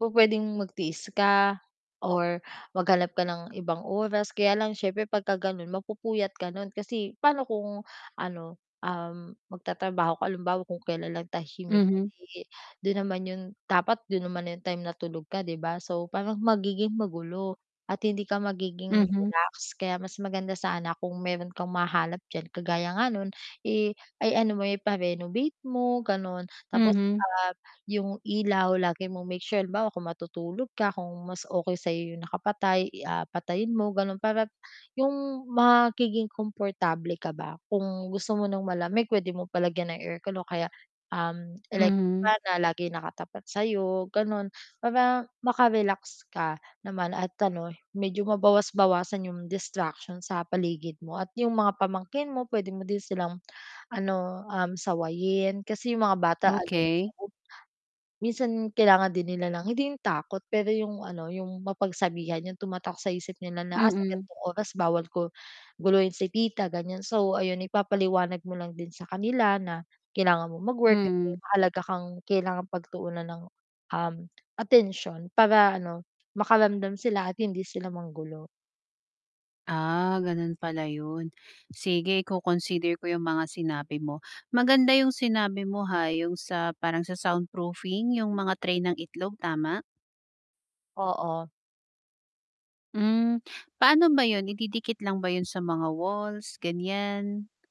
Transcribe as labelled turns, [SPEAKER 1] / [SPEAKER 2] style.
[SPEAKER 1] Pupwedeng magtiis ka or maghanap ka ng ibang oras kaya lang siyempre pagka ganon mapupuyat ka kasi paano kung ano, um, magtatrabaho ka halimbawa kung kailan lang tahimik,
[SPEAKER 2] Mhm.
[SPEAKER 1] eh di, dun naman yun dapat dun naman yung time natulog ka 'di ba. So parang magiging magulo at hindi ka magiging
[SPEAKER 2] Mhm.
[SPEAKER 1] relax kaya mas maganda sana kung meron kang mahanap diyan kagaya nun eh, ay ano mo-renovate mo ganon. Tapos,
[SPEAKER 2] Mhm.
[SPEAKER 1] ah, yung ilaw lagi mong make sure halimbawa kung matutulog ka kung mas okay sa'yo yung nakapatay, i ah, patayin mo ganon, para yung magiging komportable ka ba, kung gusto mo ng malamig pwede mo palagyan ng aircon o kaya um electric
[SPEAKER 2] Mhm.
[SPEAKER 1] fan na lagi nakatapat sa'yo ganon, para maka-relax ka naman at ano medyo mabawas-bawasan yung distraction sa paligid mo. At yung mga pamangkin mo pwede mo din silang, ano um sawayin kasi yung mga bata ano yan sa
[SPEAKER 2] Okay.
[SPEAKER 1] bu minsan kailangan din nila ng hindi yung takot pero yung ano, yung mapagsabihan, yung tumatak sa isip nila na ah, sa
[SPEAKER 2] Mm.
[SPEAKER 1] gantong oras bawal gu guluhin si tita ganyan. So ayun ipapaliwanag mo lang din sa kanila na kailangan mong mag-work kasi
[SPEAKER 2] Mm.
[SPEAKER 1] mahalaga kang kailangang pagtuunan ng, um, atensyon para ano, makaramdam sila at hindi sila manggulo.
[SPEAKER 2] Ah, ganon pala yun. Sige i-consider ko yung mga sinabi mo. Maganda yung sinabi mo ha, yung sa parang sa soundproofing yung mga tray ng itlog tama?
[SPEAKER 1] Oo.
[SPEAKER 2] Hmm. Paano ba yun ididikit lang ba yun sa mga walls ganyan?